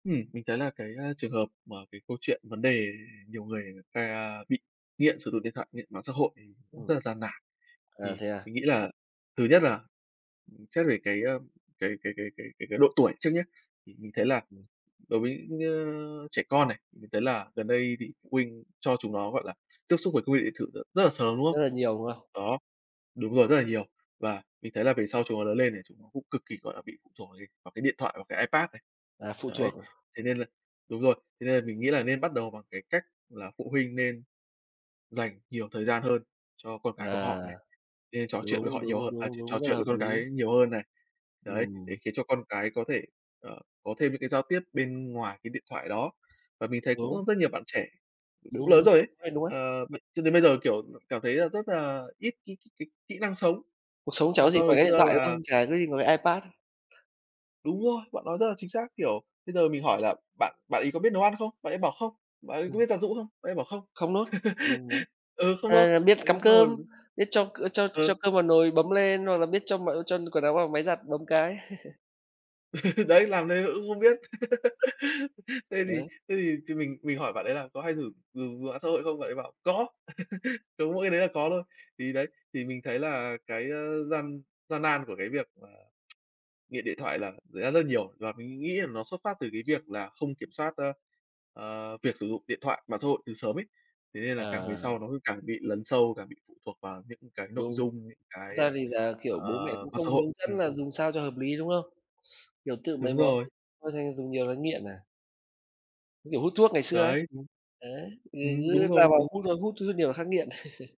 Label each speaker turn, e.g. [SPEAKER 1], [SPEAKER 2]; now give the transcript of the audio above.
[SPEAKER 1] Ừm, mình thấy là cái, a, trường hợp mà cái câu chuyện vấn đề nhiều người người ta bị nghiện sử dụng điện thoại, nghiện mạng xã hội thì cũng rất
[SPEAKER 2] Ừm.
[SPEAKER 1] là gian nản.
[SPEAKER 2] À,
[SPEAKER 1] Thì
[SPEAKER 2] thế à?
[SPEAKER 1] mình nghĩ là thứ nhất là, ừm, xét về cái, a, cái cái cái cái cái cái độ tuổi trước nhá, thì mình thấy là
[SPEAKER 2] Ừm.
[SPEAKER 1] đối với nhơ trẻ con này, mình thấy là gần đây thì phụ huynh cho chúng nó, gọi là, tiếp xúc với công nghệ điện tử rất là sớm, đúng
[SPEAKER 2] Rất
[SPEAKER 1] không?
[SPEAKER 2] là nhiều, đúng không?
[SPEAKER 1] Đó, đúng rồi, rất là nhiều. Và mình thấy là về sau chúng nó lớn lên này chúng nó cũng cực kỳ, gọi là, bị phụ thuộc vào cái vào cái điện thoại và cái iPad này.
[SPEAKER 2] Là phụ
[SPEAKER 1] Đấy,
[SPEAKER 2] thuộc à?
[SPEAKER 1] thế nên là đúng rồi. Thế nên là mình nghĩ là nên bắt đầu bằng cái cách là phụ huynh nên dành nhiều thời gian hơn cho con
[SPEAKER 2] Ờ,
[SPEAKER 1] cái của họ này, nên trò chuyện với
[SPEAKER 2] đúng,
[SPEAKER 1] họ nhiều
[SPEAKER 2] đúng,
[SPEAKER 1] hơ à,
[SPEAKER 2] đúng,
[SPEAKER 1] trò trò
[SPEAKER 2] đúng, rất là
[SPEAKER 1] chuyện với
[SPEAKER 2] hợp
[SPEAKER 1] con
[SPEAKER 2] lý.
[SPEAKER 1] cái nhiều hơn này. Đấy, để
[SPEAKER 2] Ừm.
[SPEAKER 1] khiến cho con cái có thể, ờ, có thêm những cái giao tiếp bên ngoài cái điện thoại đó. Và mình thấy cũng,
[SPEAKER 2] Đúng.
[SPEAKER 1] ơ, rất nhiều bạn trẻ cũng
[SPEAKER 2] Đúng,
[SPEAKER 1] lớn
[SPEAKER 2] đúng
[SPEAKER 1] rồi
[SPEAKER 2] đấy.
[SPEAKER 1] ấy,
[SPEAKER 2] Chỗ này đúng ấy.
[SPEAKER 1] ờ, b cho đến bây giờ, kiểu, cảm thấy là rất là ít cái kỹ kỹ năng sống,
[SPEAKER 2] Cuộc sống chả
[SPEAKER 1] là
[SPEAKER 2] có gì
[SPEAKER 1] do
[SPEAKER 2] ngoài
[SPEAKER 1] hồi
[SPEAKER 2] cái điện
[SPEAKER 1] xưa
[SPEAKER 2] thoại, đúng
[SPEAKER 1] là
[SPEAKER 2] không? Chả có gì ngoài cái iPad.
[SPEAKER 1] Đúng rồi! Bạn nói rất là chính xác, kiểu, bây giờ mình hỏi là bạn bạn ấy có biết nấu ăn không? Bạn ấy bảo: "Không." Bạn ấy có
[SPEAKER 2] Ừm.
[SPEAKER 1] biết giặt giũ không? Bạn ấy bảo: "Không."
[SPEAKER 2] Không nốt. Ừm, đấy.
[SPEAKER 1] Ừ, "không" luôn,
[SPEAKER 2] Ờ. Biết cắm
[SPEAKER 1] đến
[SPEAKER 2] cơm,
[SPEAKER 1] rồi
[SPEAKER 2] biết cho c cho cho
[SPEAKER 1] ừ.
[SPEAKER 2] cơm vào nồi, bấm lên, hoặc là biết cho m cho quần áo vào máy giặt bấm cái.
[SPEAKER 1] Đấy, làm thế mà cũng không biết. Thế
[SPEAKER 2] Rồi,
[SPEAKER 1] thì
[SPEAKER 2] đấy.
[SPEAKER 1] thế thì thì mình mình hỏi bạn ấy là "Có hay thử dùng mạng xã hội không?" Bạn ấy bảo "Có! Có mỗi cái đấy là có thôi." Thì đấy, thì mình thấy là cái, à, gian gian nan của cái việc mà nghiện điện thoại là xảy ra rất là nhiều và mình nghĩ là nó xuất phát từ cái việc là không kiểm soát, a, ờ, việc sử dụng điện thoại, mạng xã hội từ sớm ấy. Thế nên là càng về sau
[SPEAKER 2] À.
[SPEAKER 1] nó cứ càng bị lấn sâu, càng bị phụ thuộc vào những cái nội
[SPEAKER 2] Đúng.
[SPEAKER 1] dung, những
[SPEAKER 2] Thật
[SPEAKER 1] cái,
[SPEAKER 2] ra thì là, kiểu,
[SPEAKER 1] ờ,
[SPEAKER 2] bố mẹ cũng
[SPEAKER 1] mạng
[SPEAKER 2] không
[SPEAKER 1] xã hội.
[SPEAKER 2] hướng
[SPEAKER 1] Ừm.
[SPEAKER 2] dẫn là dùng sao cho hợp lý, đúng không? Kiểu, tự mày
[SPEAKER 1] Đúng
[SPEAKER 2] mò
[SPEAKER 1] rồi.
[SPEAKER 2] thành thói [unintelligible] dùng nhiều là nghiện à. Như kiểu hút thuốc ngày xưa ấy.
[SPEAKER 1] Đấy, đúng.
[SPEAKER 2] Đấy,
[SPEAKER 1] Ừm,
[SPEAKER 2] người
[SPEAKER 1] đúng
[SPEAKER 2] t cứ lao
[SPEAKER 1] rồi,
[SPEAKER 2] vào
[SPEAKER 1] đúng.
[SPEAKER 2] hút thôi, hút thuốc nhiều là khắc nghiện.